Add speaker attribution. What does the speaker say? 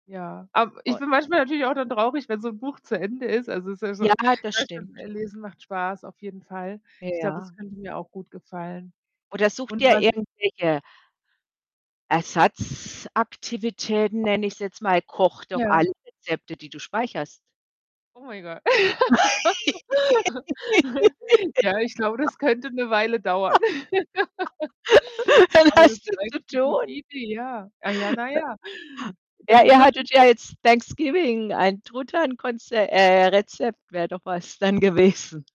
Speaker 1: Ja. Ab ich
Speaker 2: [unintelligible]
Speaker 1: bin manchmal natürlich auch dann traurig, wenn so 'n Buch zu Ende ist. Also, es ist ja so
Speaker 2: Ja, das
Speaker 1: ja, stimmt,
Speaker 2: stimmt.
Speaker 1: äh, Lesen macht Spaß, auf jeden Fall. Ich glaube,
Speaker 2: Ja.
Speaker 1: das könnte mir auch gut gefallen.
Speaker 2: Oder suche
Speaker 1: Und
Speaker 2: dir
Speaker 1: was
Speaker 2: irgendwelche Ersatzaktivitäten nenne ich's jetzt mal, koche doch
Speaker 1: Ja.
Speaker 2: alle Rezepte, die du speicherst.
Speaker 1: Oh mein Gott. Ja, ich glaube, das könnte 'ne Weile dauern.
Speaker 2: Dann
Speaker 1: Aber das
Speaker 2: hast
Speaker 1: ist
Speaker 2: du zu
Speaker 1: eigentlich 'ne gute
Speaker 2: tun.
Speaker 1: Idee, ja. Ah ja, na
Speaker 2: Äh.
Speaker 1: ja.
Speaker 2: Ja,
Speaker 1: Dann
Speaker 2: ihr
Speaker 1: nutze
Speaker 2: hattet
Speaker 1: ich
Speaker 2: ja
Speaker 1: das.
Speaker 2: jetzt Thanksgiving, ein Truthahnkonze äh, Rezept wäre doch was dann gewesen.